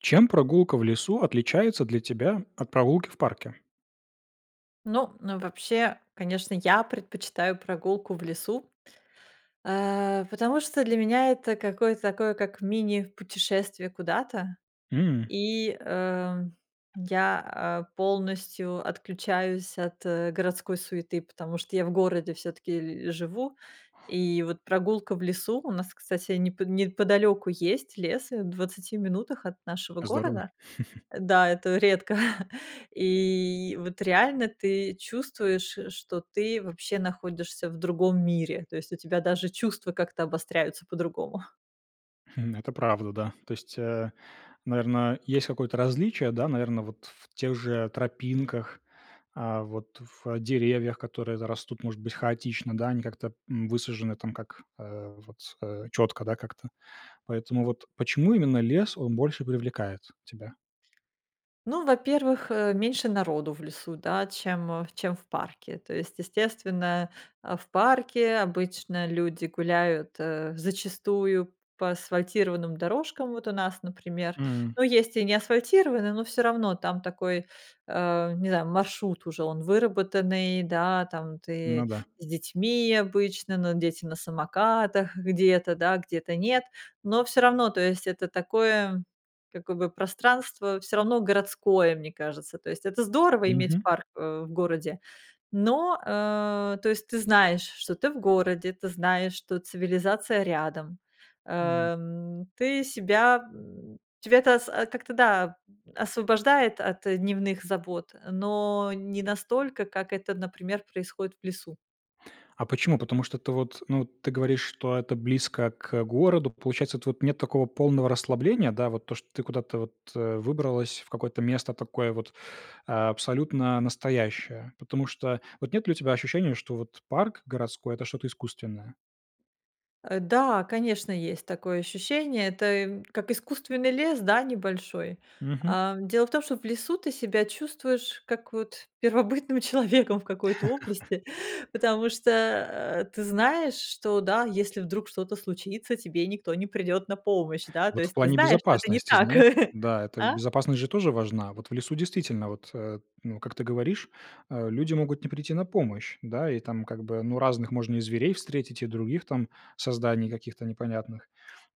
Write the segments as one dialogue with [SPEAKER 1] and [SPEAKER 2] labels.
[SPEAKER 1] Чем прогулка в лесу отличается для тебя от прогулки в парке?
[SPEAKER 2] Ну ну вообще, конечно, я предпочитаю прогулку в лесу, а, потому что для меня это какое-то такое как мини-путешествие куда-то.
[SPEAKER 1] М.
[SPEAKER 2] И, э, я, а, полностью отключаюсь от, э, городской суеты, потому что я в городе всё-таки л живу. И вот прогулка в лесу У нас, кстати, непо неподалеку есть лес, в 20 минутах от нашего
[SPEAKER 1] Здорово.
[SPEAKER 2] города Да, это редко, и вот реально ты чувствуешь, э, что ты вообще находишься в другом мире, то есть у тебя даже чувства как-то обостряются по-другому.
[SPEAKER 1] Хм, это правда, да. То есть, э, наверно, есть какое-то различие, да, наверно, вот в тех же тропинках, а вот в деревьях, которые т растут, может быть, хаотично, да, они как-то, м, высажены, там, как, а, вот, а четко, да, как-то. Поэтому вот почему именно лес, он больше привлекает тебя?
[SPEAKER 2] Ну во-первых, э, меньше народу в лесу, да, чем, э, чем в парке, то есть естественно, а, в парке обычно люди гуляют, э, зачастую по асфальтированным дорожкам. Вот у нас, например,
[SPEAKER 1] М.
[SPEAKER 2] ну есть и не асфальтированные, но всё равно там такой, а, не знаю, маршрут уже он выработанный, да, там ты
[SPEAKER 1] Ну да.
[SPEAKER 2] с детьми обычно, но дети на самокатах где-то, да, где-то нет. Но всё равно, то есть это такое, как бы, пространство, всё равно городское, мне кажется. То есть это здорово иметь
[SPEAKER 1] Мгм.
[SPEAKER 2] парк, э, в городе. Но, э, то есть ты знаешь, что ты в городе, ты знаешь, что цивилизация рядом,
[SPEAKER 1] М.
[SPEAKER 2] а, м, ты себя, м, тебя это с как-то, да, м, освобождает от, э, дневных забот, но не настолько, как это, например, происходит в лесу.
[SPEAKER 1] А почему? Потому что ты, вот, ну, ты говоришь, что это близко к городу. Получается, тв нет такого полного расслабления, да? Вот то, что ты куда-то вот, э, выбралась, в какое-то место такое вот, а, абсолютно настоящее? Потому что, вот нет ли у тебя ощущения, что вот парк городской это что-то искусственное?
[SPEAKER 2] Э, да, конечно, есть такое ощущение. Это, эм, как искусственный лес, да, небольшой.
[SPEAKER 1] Мгм.
[SPEAKER 2] А, дело в том, что в лесу ты себя чувствуешь как, вот, первобытным человеком в какой-то области, потому что, а, ты знаешь, что, да, если вдруг что-то случится, тебе никто не придёт на помощь, да, то
[SPEAKER 1] Вот в
[SPEAKER 2] есть ты
[SPEAKER 1] плане
[SPEAKER 2] знаешь, что это не
[SPEAKER 1] безопасности,
[SPEAKER 2] так.
[SPEAKER 1] знаешь Да,
[SPEAKER 2] А?
[SPEAKER 1] безопасность же тоже важна. Вот в лесу действительно, вот, э, ну как ты говоришь, а, люди могут не прийти на помощь, да, и там как бы ну разных можно и зверей встретить, и других там созданий каких-то непонятных.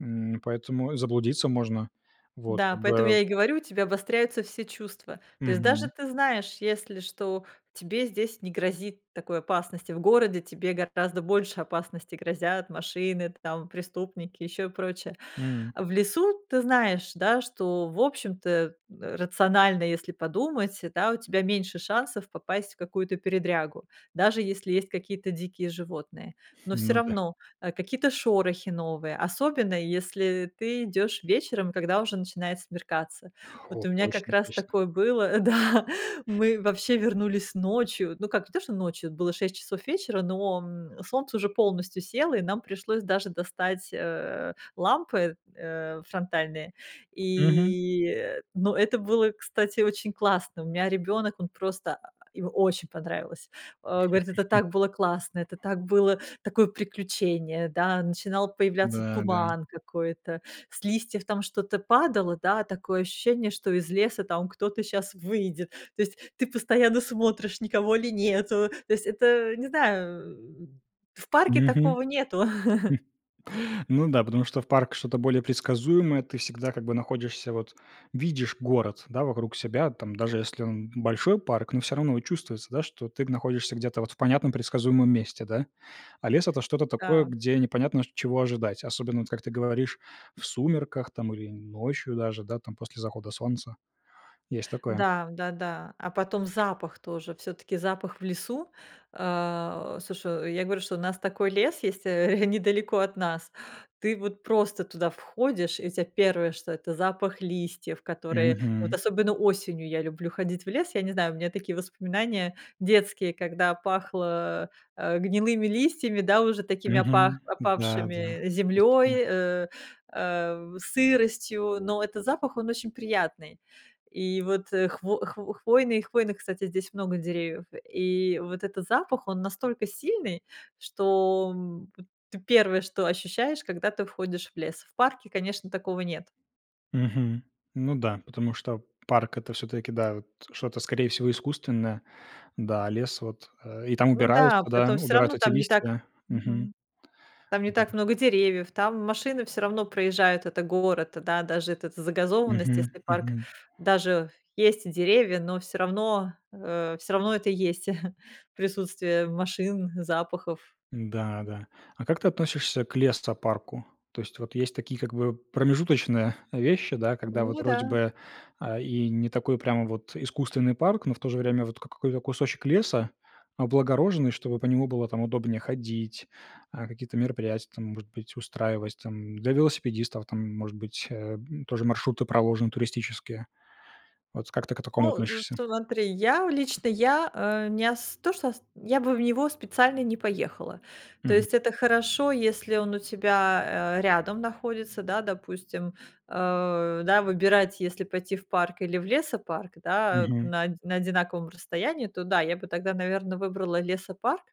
[SPEAKER 1] М, поэтому заблудиться можно. Вот
[SPEAKER 2] Да,
[SPEAKER 1] как
[SPEAKER 2] поэтому
[SPEAKER 1] бы
[SPEAKER 2] я и говорю, у тебя обостряются все чувства. То есть даже
[SPEAKER 1] Мгм.
[SPEAKER 2] ты знаешь, если что тебе здесь не грозит такой опасности в городе, тебе гораздо больше опасности грозят, машины, там, преступники, ещё и прочее.
[SPEAKER 1] М.
[SPEAKER 2] В лесу ты знаешь, да, что, в общем-то, э, рационально, если подумать, да, у тебя меньше шансов попасть в какую-то передрягу. Даже если есть какие-то дикие животные. Но всё
[SPEAKER 1] Ну да.
[SPEAKER 2] равно, э, какие-то шорохи новые, особенно если ты идёшь вечером, когда уже начинает смеркаться. Вот
[SPEAKER 1] О,
[SPEAKER 2] у меня как
[SPEAKER 1] точно
[SPEAKER 2] раз
[SPEAKER 1] точно.
[SPEAKER 2] такое было, да. Мы вообще вернулись ночью, ну как, не то, что ночью, было 6 часов вечера, но, м, солнце уже полностью село, и нам пришлось даже достать, э, лампы, э, фронтальные,
[SPEAKER 1] Мгм.
[SPEAKER 2] и, э, ну это было, кстати, очень классно. У меня ребёнок, он просто, а, ему очень понравилось. Он говорит: "Это так было классно, это так было такое приключение"- да, начинал появляться
[SPEAKER 1] Да-да.
[SPEAKER 2] туман какой-то, с листьев там что-то падало, да, такое ощущение, что из леса там кто-то щас выйдет. То есть ты постоянно смотришь, никого ли нету. То есть это, э, не знаю, э, м, в парке
[SPEAKER 1] Мгм.
[SPEAKER 2] такого нету.
[SPEAKER 1] Ну да, потому что в парк что-то более предсказуемое. Ты всегда, как бы, находишься, вот видишь город, да вокруг себя, даже если он большой, парк, но всё равно и чувствуется, да, что ты находишься где-то вот в понятном, предсказуемом месте, да. А лес это что-то такое,
[SPEAKER 2] Да.
[SPEAKER 1] где непонятно, чт чего ожидать, особенно, вот как ты говоришь, в сумерках там, или ночью даже, да, там, после захода солнца. Есть такое.
[SPEAKER 2] Да, да-да. А потом запах тоже всё-таки запах в лесу А, слушай, я говорю, что у нас такой лес есть, э, недалеко от нас, ты вот просто туда входишь, и тебе 1, что это запах листьев, которые Вот
[SPEAKER 1] Мгм.
[SPEAKER 2] особенно осенью я люблю ходить в лес, я не знаю, у меня такие воспоминания детские, когда пахло, э, гнилыми листьями, да, уже такими опах
[SPEAKER 1] Мгм, да да.
[SPEAKER 2] опавшими,
[SPEAKER 1] Есть такое.
[SPEAKER 2] землёй, э, э, сыростью, но это запах, он очень приятный. И вот, э, хв хво хвойный, и хвойных, кстати, здесь много деревьев. И вот этот запах, он настолько сильный, что, б т 1, что ощущаешь, когда ты входишь в лес. В парке, конечно, такого нет.
[SPEAKER 1] Мгм. Ну да. Потому что п парк это всё-таки, да, вот что-то, скорее всего, искусственное. Да, а лес, вот, э, и там
[SPEAKER 2] Ну да.
[SPEAKER 1] убираются,
[SPEAKER 2] Поэтому всё
[SPEAKER 1] убирают
[SPEAKER 2] равно
[SPEAKER 1] эти
[SPEAKER 2] там не
[SPEAKER 1] листья,
[SPEAKER 2] так
[SPEAKER 1] да. Мгм.
[SPEAKER 2] Мгм там не
[SPEAKER 1] Да.
[SPEAKER 2] так много деревьев, там машины всё равно проезжают, это город, даже это загазованность,
[SPEAKER 1] Мгм,
[SPEAKER 2] если парк,
[SPEAKER 1] мгм.
[SPEAKER 2] даже есть деревья, но всё равно, э, всё равно, это есть присутствие машин, запахов.
[SPEAKER 1] Н-да, да. А как ты относишься к лесопарку? То есть, вот, есть такие как бы, э, промежуточные вещи, да, когда вот
[SPEAKER 2] Ну
[SPEAKER 1] вроде
[SPEAKER 2] да.
[SPEAKER 1] бы, а, и не такой прямо вот искусственный парк, но в то же время, вот, как какой-то кусочек леса облагороженный, чтобы по нему было там удобнее ходить, а, какие-то мероприятия, там, может быть, устраивать. Там, для велосипедистов, там, может быть, э, м, тоже маршруты проложены туристические. От как ты к такому
[SPEAKER 2] Ну, от
[SPEAKER 1] относишься?
[SPEAKER 2] смотри, я лично я, э, не ос то что ос я бы в него специально не поехала. То
[SPEAKER 1] Мгм.
[SPEAKER 2] есть это хорошо, если он у тебя, э, рядом находится, да, допустим. Э, да, выбирать, если пойти в парк или в лесопарк, да, э,
[SPEAKER 1] Мгм.
[SPEAKER 2] на оди на одинаковом расстоянии, то да, я бы тогда, наверное, выбрала лесопарк.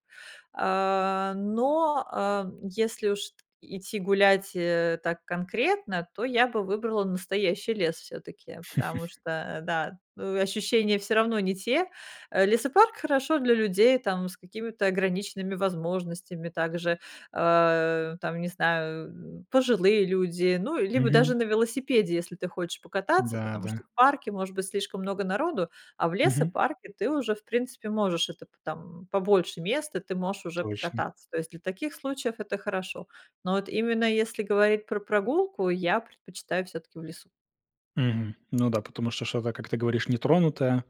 [SPEAKER 2] А, но, э, если уж ид идти гулять, э, так конкретно, то я бы выбрала настоящий лес все-таки. Потому что, а, да, э, ощущения всё равно не те. Лесопарк хорошо для людей там с какими-то ограниченными возможностями, также, а, там, не знаю, м, пожилые люди, ну либо
[SPEAKER 1] Мгм.
[SPEAKER 2] даже на велосипеде, если ты хочешь покататься,
[SPEAKER 1] Да,
[SPEAKER 2] потому
[SPEAKER 1] да.
[SPEAKER 2] что в парке может быть слишком много народу, а в
[SPEAKER 1] Мгм.
[SPEAKER 2] лесопарке ты уже, в принципе, можешь это по там побольше места, ты можешь уже
[SPEAKER 1] Точно.
[SPEAKER 2] покататься. То есть для таких случаев это хорошо. Но вот именно если говорить про прогулку, я предпочитаю всё-таки в лесу.
[SPEAKER 1] Мгм. Ну да, потому что что-то, как ты говоришь, нетронутое.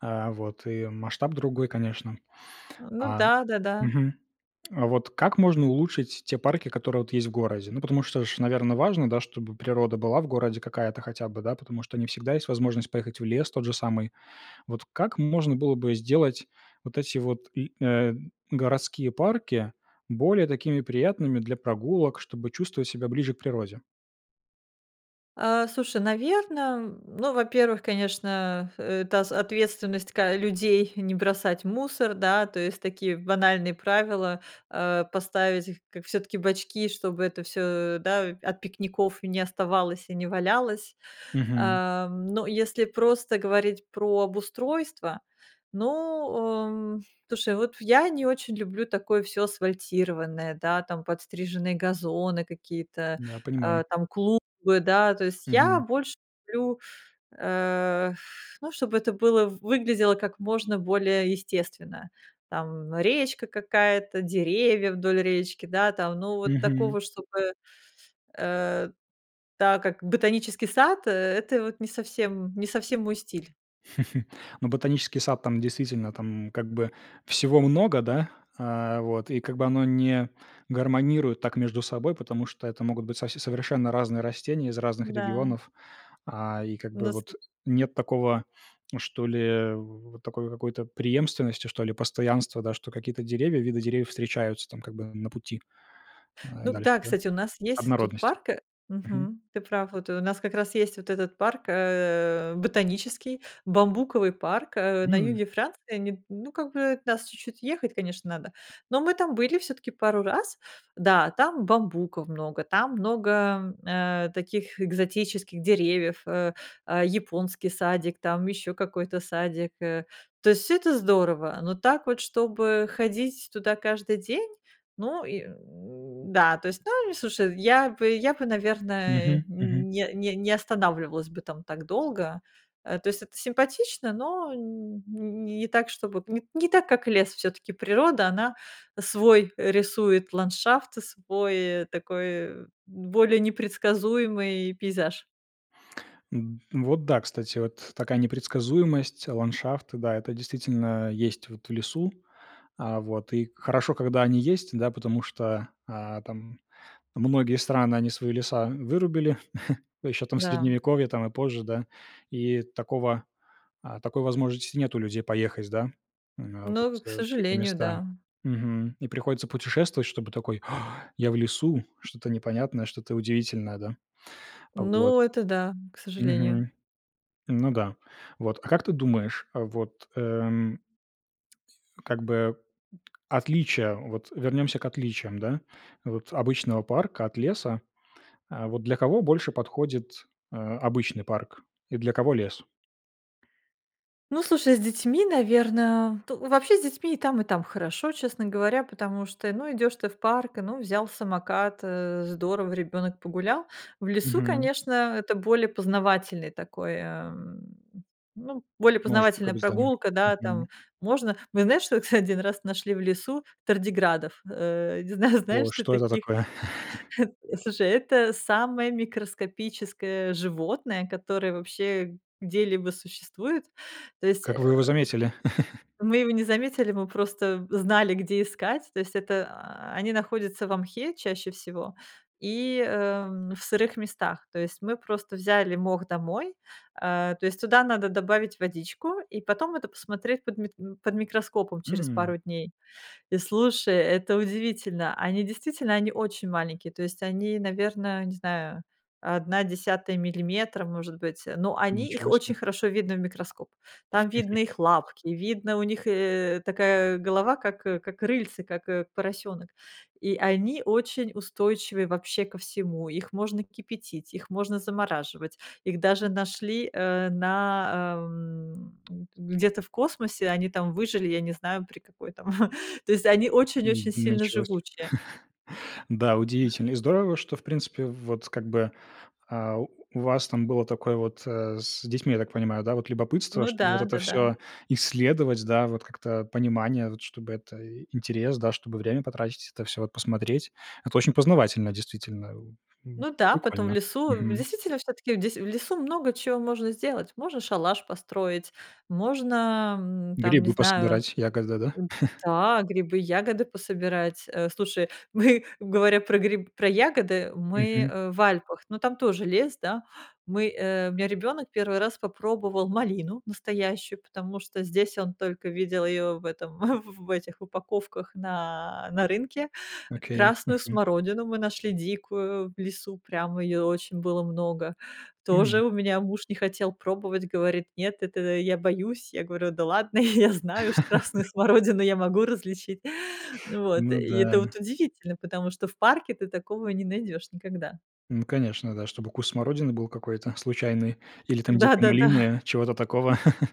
[SPEAKER 1] А, вот. И масштаб другой, конечно.
[SPEAKER 2] Ну
[SPEAKER 1] А
[SPEAKER 2] да-да-да.
[SPEAKER 1] Мгм. А вот как можно улучшить те парки, которые, вот есть в городе? Ну потому что ж, наверное, важно, да, чтобы природа была в городе какая-то хотя бы, да, потому что не всегда есть возможность поехать в лес, тот же самый. Вот как можно было бы сделать вот эти вот, м, э, г городские парки, более такими приятными для прогулок, чтобы чувствовать себя ближе к природе?
[SPEAKER 2] А, слушай, наверно, м, ну, во-первых, конечно, это с ответственность, ка людей, не бросать мусор, да. То есть такие банальные правила, э, поставить их, как всё-таки бачки, чтобы это всё, да, от пикников не оставалось и не валялось.
[SPEAKER 1] Мгм.
[SPEAKER 2] А. Но если просто говорить про обустройство, ну, о, м. Слушай, вот я не очень люблю такое всё асфальтированное, да, там, подстриженные газоны, какие-то,
[SPEAKER 1] Да, понимаю.
[SPEAKER 2] э, там, клумбы, да? То есть я
[SPEAKER 1] Мгм.
[SPEAKER 2] больше люблю, э, эх, ну, чтобы это было выглядело как можно более естественно, там, речка какая-то, деревья вдоль речки, да, там, ну, вот
[SPEAKER 1] Мгм.
[SPEAKER 2] такого, чтобы, э, да, как ботанический сад, э, это вот не совсем не совсем мой стиль.
[SPEAKER 1] Но ботанический сад, там, действительно, там, м, как бы всего много, да, а, вот, и как бы оно не гармонирует так между собой. Потому что это могут быть совсе совершенно разные растения из разных
[SPEAKER 2] Да.
[SPEAKER 1] регионов. А, и как бы
[SPEAKER 2] Ну, с э.
[SPEAKER 1] вот нет такого что ли, в в такой какой-то преемственности, что ли, постоянства, да, что какие-то деревья, виды деревьев встречаются, там, как бы на пути, э,
[SPEAKER 2] Ну, г
[SPEAKER 1] дальше,
[SPEAKER 2] да,
[SPEAKER 1] да.
[SPEAKER 2] кстати, у нас есть тут
[SPEAKER 1] Однородность.
[SPEAKER 2] парк, э,
[SPEAKER 1] Мгм.
[SPEAKER 2] мгм. Ты прав, вот у нас как раз есть вот этот парк, э, ботанический, бамбуковый парк, э, на
[SPEAKER 1] М.
[SPEAKER 2] юге Франции, не, ну как бы от нас чуть-чуть ехать, конечно, надо, но мы там были всё-таки пару раз. Да, там бамбуков много, там много, э, таких экзотических деревьев, э, э, японский садик, там, ещё какой-то садик, э, то есть всё это здорово. Но так вот, чтобы ходить туда каждый день, ну, и, м, да, то есть ну, они, слушай я бы я бы, наверное,
[SPEAKER 1] Мгм, мгм.
[SPEAKER 2] не не не останавливалась бы там так долго, э, то есть это симпатично, но н н-н не так, чтобы, нет, не так, как лес, всё-таки природа- она свой рисует ландшафт, свой такой более непредсказуемый пейзаж.
[SPEAKER 1] М, вот, да, кстати, вот т такая непредсказуемость, ландшафты, да, это действительно есть, вот в лесу. А вот, и хорошо, когда они есть, да, потому что, а, там, многие страны, они свои леса вырубили еще, там, в
[SPEAKER 2] Да.
[SPEAKER 1] Средневековье, там, и позже, да. И такого, а, такой возможности нет у людей поехать, да, м, вот
[SPEAKER 2] Ну, к
[SPEAKER 1] в такие
[SPEAKER 2] сожалению,
[SPEAKER 1] места.
[SPEAKER 2] да.
[SPEAKER 1] Мгм. И приходится путешествовать, чтобы такой: "А, я в лесу, что-то непонятное, что-то удивительное", да? Вот.
[SPEAKER 2] Ну, это да, к сожалению.
[SPEAKER 1] Мгм. Ну да. Вот. А как ты думаешь, вот, эм, как бы отличие, вот вернемся к отличиям, да, вот обычного парка от леса, э, вот, для кого больше подходит, э, обычный парк, и для кого лес?
[SPEAKER 2] Ну, слушай, с детьми, наверно то ну, вообще с детьми и там, и там хорошо, честно говоря. Потому что, ну, идешь ты в парк, ну, взял самокат, э, здорово, ребенок погулял. В лесу,
[SPEAKER 1] Мгм.
[SPEAKER 2] конечно, это более познавательное такое, эм, ну, более
[SPEAKER 1] Может, как
[SPEAKER 2] познавательная
[SPEAKER 1] бы, з да.
[SPEAKER 2] прогулка, да,
[SPEAKER 1] Мгм.
[SPEAKER 2] там. Можно мы знаешь, что кстати, 1 раз нашли в лесу тардиградов. Э, не знаю,
[SPEAKER 1] О,
[SPEAKER 2] знаешь ты
[SPEAKER 1] что это
[SPEAKER 2] таких,
[SPEAKER 1] такое?
[SPEAKER 2] э. Слушай, это самое микроскопическое животное, которое вообще где-либо существует. То есть,
[SPEAKER 1] Как
[SPEAKER 2] э,
[SPEAKER 1] вы его заметили?
[SPEAKER 2] мы его не заметили, мы просто знали, где искать, то есть, а, они находятся во мхе чаще всего и, эм, в сырых местах. То есть мы просто взяли мох домой, э, то есть туда надо добавить водичку и потом это посмотреть под мит под микроскопом через
[SPEAKER 1] М.
[SPEAKER 2] пару дней. И слушай, это удивительно, они действительно, они очень маленькие, то есть они, наверно, не знаю, 1/10 миллиметра, может быть, но они, их
[SPEAKER 1] Ничего
[SPEAKER 2] очень
[SPEAKER 1] себе.
[SPEAKER 2] хорошо видно в микроскоп. Там видно их лапки, видно у них и, и такая голова, как, э, как рыльце, как, э, поросёнок, и они очень устойчивы вообще ко всему, их можно кипятить, их можно замораживать, их даже нашли, э, на, а, м, где-то в космосе, они там выжили, я не знаю, при какой там, то есть они
[SPEAKER 1] М,
[SPEAKER 2] очень-очень
[SPEAKER 1] д
[SPEAKER 2] сильно
[SPEAKER 1] началось.
[SPEAKER 2] живучие.
[SPEAKER 1] Да,
[SPEAKER 2] А.
[SPEAKER 1] удивительно и здорово, что, в принципе, вот как бы, а, у вас там было такое вот, э, с детьми, я так понимаю, да. Вот любопытство,
[SPEAKER 2] Ну
[SPEAKER 1] чтобы
[SPEAKER 2] да,
[SPEAKER 1] это
[SPEAKER 2] да-да.
[SPEAKER 1] всё исследовать, да, вот, как-то понимание, вот чтобы это и интерес, да, чтобы время потратить, это всё вот посмотреть. Это очень познавательно, действительно, э, м,
[SPEAKER 2] Ну да, потом в
[SPEAKER 1] буквально.
[SPEAKER 2] лесу,
[SPEAKER 1] Мгм.
[SPEAKER 2] действительно, всё-таки в десь в лесу много чё можно сделать: можно шалаш построить, можно, м, там, не
[SPEAKER 1] Грибы
[SPEAKER 2] знаю,
[SPEAKER 1] пособирать, ягоды, да?
[SPEAKER 2] э, да, грибы, ягоды пособирать, э. Слушай, мы, говоря про гри про ягоды, мы,
[SPEAKER 1] Мгм.
[SPEAKER 2] э, в Альпах, но там тоже лес, да. Мы, э, у меня ребёнок 1 попробовал малину настоящую, потому что здесь он только видел её в этом, в в в этих упаковках на, на рынке.
[SPEAKER 1] Окей.
[SPEAKER 2] Красную
[SPEAKER 1] Мгм.
[SPEAKER 2] смородину мы нашли дикую в лесу, прямо её очень было много, тоже
[SPEAKER 1] М.
[SPEAKER 2] у меня муж не хотел пробовать, говорит: "Нет, это, я боюсь." Я говорю: "Да ладно, я знаю уж красную смородину я могу различить." Вот.
[SPEAKER 1] Ну
[SPEAKER 2] И
[SPEAKER 1] да.
[SPEAKER 2] это вот удивительно, потому что в парке ты такого не найдёшь никогда.
[SPEAKER 1] Ну, конечно, да, чтобы куст смородины был какой-то случайный или, там, дикое
[SPEAKER 2] Да-да-да.
[SPEAKER 1] малинное, чего-то такого.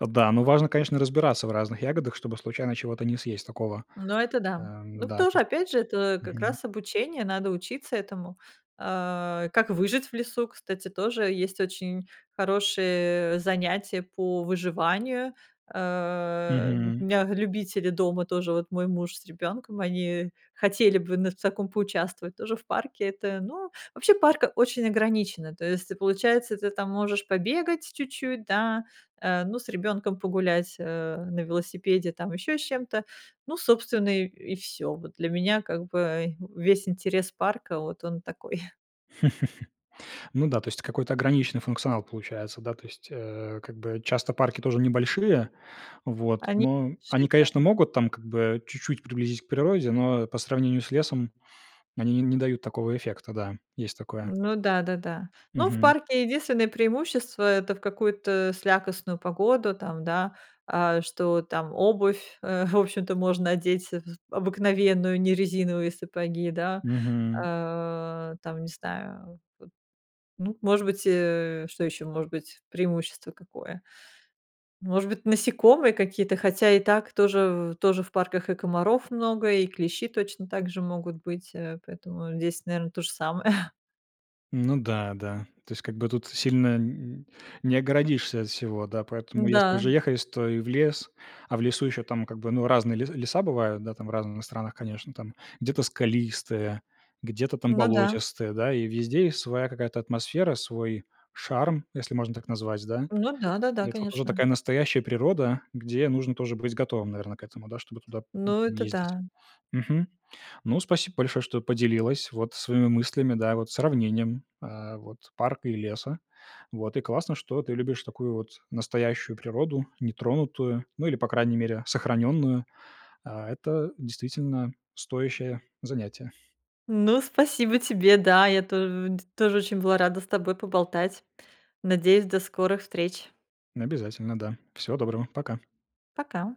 [SPEAKER 1] Да, но важно, конечно, разбираться в разных ягодах, чтобы случайно чего-то не съесть такого.
[SPEAKER 2] Ну, это да.
[SPEAKER 1] Эм,
[SPEAKER 2] Ну,
[SPEAKER 1] да, то
[SPEAKER 2] кто же,
[SPEAKER 1] есть
[SPEAKER 2] опять же, это как
[SPEAKER 1] Мгм.
[SPEAKER 2] раз обучение, надо учиться этому. А, как выжить в лесу, кстати, тоже есть очень хорошие, э, занятия по выживанию. Э, у
[SPEAKER 1] Мгм.
[SPEAKER 2] меня любители дома тоже, вот мой муж с ребенком, они хотели бы на в таком поучаствовать, тоже в парке, это, ну. Вообще, парк очень ограничено, то есть ты, получается, ты там можешь побегать чуть-чуть, да, э, ну с ребенком погулять, э, на велосипеде, там, еще с чем-то, ну, собственно, и, и всё. Вот для меня, как бы весь интерес парка, вот он такой.
[SPEAKER 1] Ну да, то есть какой-то ограниченный функционал получается, да, то есть. Э, как бы часто парки тоже небольшие, вот,
[SPEAKER 2] Они.
[SPEAKER 1] но они, конечно,
[SPEAKER 2] [unintelligible]
[SPEAKER 1] могут, там, как бы чуть-чуть приблизить к природе, но по сравнению с лесом они н не дают такого эффекта, да, есть такое.
[SPEAKER 2] Ну да-да-да. Ну, в
[SPEAKER 1] Мгм.
[SPEAKER 2] парке единственное преимущество, это в какую-то слякостную погоду, там, да, а, что там обувь, э, в общем-то можно одеть з обыкновенную, не резиновые сапоги, да.
[SPEAKER 1] Мгм.
[SPEAKER 2] Э, там, не знаю, вот, ну, может быть, э, что еще может быть, преимущество какое, может быть, насекомые какие-то, хотя и так тоже-тоже в парках и комаров много, и клещи точно также могут быть, э, поэтому здесь наверно то же самое.
[SPEAKER 1] Ну да, да. То есть как бы тут сильно н н не огородишься от всего, да. Поэтому, если уже
[SPEAKER 2] Н-да.
[SPEAKER 1] ехаешь, то и в лес. А в лесу еще, там, как бы, ну разные ле леса бывают, да, там разные в странах, конечно, там, где-то скалистые, где-то, там,
[SPEAKER 2] Ну да.
[SPEAKER 1] болотистые, да. И везде есть своя какая-то атмосфера, свой шарм, если можно так назвать, да?
[SPEAKER 2] Ну да, да, да,
[SPEAKER 1] Это вот уже
[SPEAKER 2] конечно.
[SPEAKER 1] такая настоящая природа, где нужно тоже быть готовым, наверно, к этому, да, чтобы туда, м,
[SPEAKER 2] Ну, это
[SPEAKER 1] ездить.
[SPEAKER 2] да.
[SPEAKER 1] Мгм. Ну, спасибо большое, что поделилась, вот своими мыслями, да, вот сравнением, а, вот парка и леса. Вот. И классно, что ты любишь такую вот настоящую природу, нетронутую, ну, или, по крайней мере, сохраненную. А, это действительно стоящее занятие.
[SPEAKER 2] Ну, спасибо тебе, да, я то де тоже очень была рада с тобой поболтать. Надеюсь, до скорых встреч.
[SPEAKER 1] Обязательно, да. Всего доброго, пока.
[SPEAKER 2] Пока.